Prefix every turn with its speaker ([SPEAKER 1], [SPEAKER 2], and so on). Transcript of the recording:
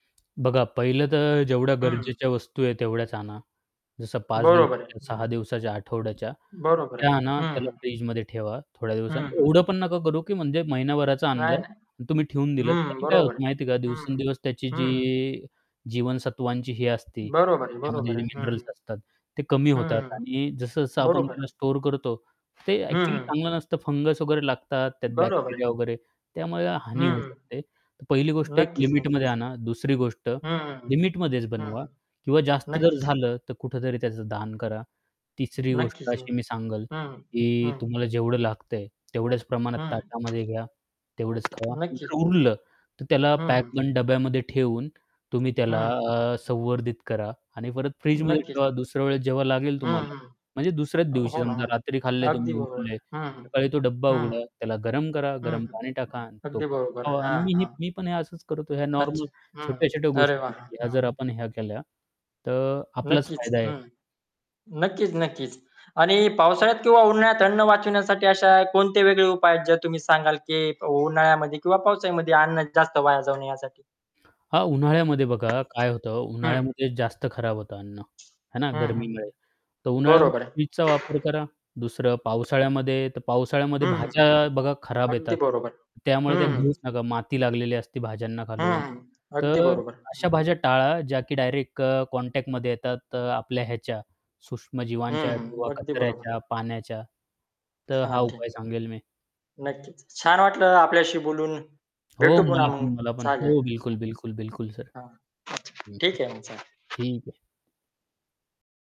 [SPEAKER 1] बघा पहिलं तर जेवढ्या
[SPEAKER 2] हं.
[SPEAKER 1] गरजेच्या वस्तू आहेत, तेवढ्याच आणा. जसं 5
[SPEAKER 2] बरोबर आहे.
[SPEAKER 1] दिवसाच्या
[SPEAKER 2] हं.
[SPEAKER 1] 6 दिवसाच्या, आठवड्याच्या,
[SPEAKER 2] बरोबर आहे.
[SPEAKER 1] त्या आणा,
[SPEAKER 2] हं,
[SPEAKER 1] त्याला
[SPEAKER 2] हं.
[SPEAKER 1] फ्रिजमध्ये ठेवा थोड्या दिवसात.
[SPEAKER 2] हं, हं.
[SPEAKER 1] एवढं पण नको करू की म्हणजे महिनाभराचं आणलं
[SPEAKER 2] नाही, नाही.
[SPEAKER 1] आणि तुम्ही ठेवून दिलं.
[SPEAKER 2] हं,
[SPEAKER 1] त्याने काय
[SPEAKER 2] बरोबर
[SPEAKER 1] होतं
[SPEAKER 2] आहे.
[SPEAKER 1] माहिती आहे का?
[SPEAKER 2] हं, हं.
[SPEAKER 1] दिवसेंदिवस त्याची
[SPEAKER 2] हं.
[SPEAKER 1] जी जीवनसत्वांची ही असते,
[SPEAKER 2] बरोबर आहे,
[SPEAKER 1] त्यामध्ये
[SPEAKER 2] बरोबर
[SPEAKER 1] जे
[SPEAKER 2] आहे. हं.
[SPEAKER 1] मिनरल्स असतात, ते कमी होतात
[SPEAKER 2] हं.
[SPEAKER 1] आणि जसं-जसं आपण
[SPEAKER 2] बरोबर
[SPEAKER 1] त्याला
[SPEAKER 2] आहे.
[SPEAKER 1] स्टोअर करतो, ते
[SPEAKER 2] हं,
[SPEAKER 1] ॲक्चुअली
[SPEAKER 2] हं.
[SPEAKER 1] चांगलं नसतं फंगस वगैरे लागतात त्यात
[SPEAKER 2] बरोबर
[SPEAKER 1] बॅक्टेरिया
[SPEAKER 2] आहे.
[SPEAKER 1] वगैरे, त्यामुळे हानी होऊ
[SPEAKER 2] हं.
[SPEAKER 1] शकते. तर पहिली गोष्ट एक
[SPEAKER 2] नक्कीच,
[SPEAKER 1] लिमिटमध्ये
[SPEAKER 2] नक्कीच.
[SPEAKER 1] आणा. दुसरी गोष्ट
[SPEAKER 2] हं, हं, हं.
[SPEAKER 1] लिमिटमध्येच
[SPEAKER 2] हं,
[SPEAKER 1] बनवा
[SPEAKER 2] हं.
[SPEAKER 1] किंवा जास्त जर
[SPEAKER 2] नक्कीच न
[SPEAKER 1] झालं, तर कुठेतरी त्याचं दान करा. तिसरी गोष्ट
[SPEAKER 2] नक्कीच न
[SPEAKER 1] अशी मी सांगेल
[SPEAKER 2] हं.
[SPEAKER 1] की
[SPEAKER 2] हं.
[SPEAKER 1] तुम्हाला जेवढं लागतंय, तेवढ्याच प्रमाणात
[SPEAKER 2] हं.
[SPEAKER 1] ताटामध्ये घ्या, तेवढेच खावा. नंतर
[SPEAKER 2] नक्कीच.
[SPEAKER 1] उरलं, तर त्याला
[SPEAKER 2] हं,
[SPEAKER 1] पॅक
[SPEAKER 2] हं.
[SPEAKER 1] बंद डब्यामध्ये ठेवून तुम्ही त्याला
[SPEAKER 2] हं.
[SPEAKER 1] अ, संवर्धित करा आणि परत फ्रिजमध्ये
[SPEAKER 2] नक्कीच.
[SPEAKER 1] ठेवा. दुसऱ्या वेळेस जेव्हा लागेल
[SPEAKER 2] हं,
[SPEAKER 1] तुम्हाला,
[SPEAKER 2] हं.
[SPEAKER 1] म्हणजे दुसऱ्याच
[SPEAKER 2] अ,
[SPEAKER 1] दिवशी
[SPEAKER 2] हो ना.
[SPEAKER 1] समजा रात्री खाल्लंय
[SPEAKER 2] अगदी
[SPEAKER 1] तुम्ही,
[SPEAKER 2] बरोबर
[SPEAKER 1] उरलंय,
[SPEAKER 2] आहे. हं, हं.
[SPEAKER 1] सकाळी तो डब्बा
[SPEAKER 2] हं.
[SPEAKER 1] उघडा, त्याला गरम करा,
[SPEAKER 2] हं,
[SPEAKER 1] गरम
[SPEAKER 2] हं.
[SPEAKER 1] पाणी टाका आणि तो
[SPEAKER 2] अगदी
[SPEAKER 1] पण
[SPEAKER 2] बरोबर.
[SPEAKER 1] खावा आणि
[SPEAKER 2] हां.
[SPEAKER 1] मी ही
[SPEAKER 2] हां.
[SPEAKER 1] मी पण हे असंच करतो. या नॉर्मल,
[SPEAKER 2] अच्छा. हं.
[SPEAKER 1] छोट्या-छोट्या
[SPEAKER 2] अरे
[SPEAKER 1] गोष्टी
[SPEAKER 2] वाह!
[SPEAKER 1] आहेत, ह्या जर
[SPEAKER 2] हं.
[SPEAKER 1] आपण ह्या केल्या, तर आपलाच
[SPEAKER 2] नक्कीच.
[SPEAKER 1] फायदा आहे.
[SPEAKER 2] हं, नक्कीच, नक्कीच. आणि पावसाळ्यात किंवा उन्हाळ्यात अन्न वाचविण्यासाठी अशा कोणते वेगळे उपाय आहेत, जे तुम्ही सांगाल की उन्हाळ्यामध्ये किंवा पावसाळ्यामध्ये अन्न जास्त वाया जाऊ नये यासाठी?
[SPEAKER 1] हां, उन्हाळ्यामध्ये बघा काय होतं?
[SPEAKER 2] हं.
[SPEAKER 1] उन्हाळ्यामध्ये जास्त खराब होतं अन्न, आहे ना
[SPEAKER 2] हं, हं.
[SPEAKER 1] गर्मीमुळे, तर
[SPEAKER 2] बरोबर
[SPEAKER 1] उन्हाळ्यामध्ये
[SPEAKER 2] आहे.
[SPEAKER 1] फ्रिजचा वापर करा. दुसरं पावसाळ्यामध्ये तर पावसाळ्यामध्ये
[SPEAKER 2] हं, हं, हं.
[SPEAKER 1] भाज्या बघा खराब
[SPEAKER 2] अगदी
[SPEAKER 1] येतात,
[SPEAKER 2] बरोबर. हं,
[SPEAKER 1] त्यामुळे त्या
[SPEAKER 2] हं.
[SPEAKER 1] घेऊच नका, माती लागलेली असती भाज्यांना
[SPEAKER 2] हं,
[SPEAKER 1] खालून.
[SPEAKER 2] हं. अगदी
[SPEAKER 1] तर
[SPEAKER 2] बरोबर.
[SPEAKER 1] अशा
[SPEAKER 2] हं.
[SPEAKER 1] भाज्या टाळा ज्या की डायरेक्ट अ, कॉन्टॅक्टमध्ये येतात अ, आपल्या ह्याच्या, सूक्ष्म
[SPEAKER 2] हं,
[SPEAKER 1] जीवांच्या
[SPEAKER 2] हं.
[SPEAKER 1] किंवा
[SPEAKER 2] अगदी बरोबर.
[SPEAKER 1] कचऱ्याच्या, पाण्याच्या. तर
[SPEAKER 2] हां.
[SPEAKER 1] हा उपाय
[SPEAKER 2] [unintelligible]
[SPEAKER 1] सांगेल मी.
[SPEAKER 2] नक्कीच, छान वाटलं आपल्याशी बोलून.
[SPEAKER 1] हो,
[SPEAKER 2] भेटू पुन्हा
[SPEAKER 1] मला
[SPEAKER 2] मग,
[SPEAKER 1] पण, मला पण.
[SPEAKER 2] चालेल.
[SPEAKER 1] हो, बिलकुल, बिलकुल, बिलकुल सर.
[SPEAKER 2] हां. हां. अच्छा.
[SPEAKER 1] हं, हं.
[SPEAKER 2] ठीक आहे मग, चालेल.
[SPEAKER 1] ठीक आहे.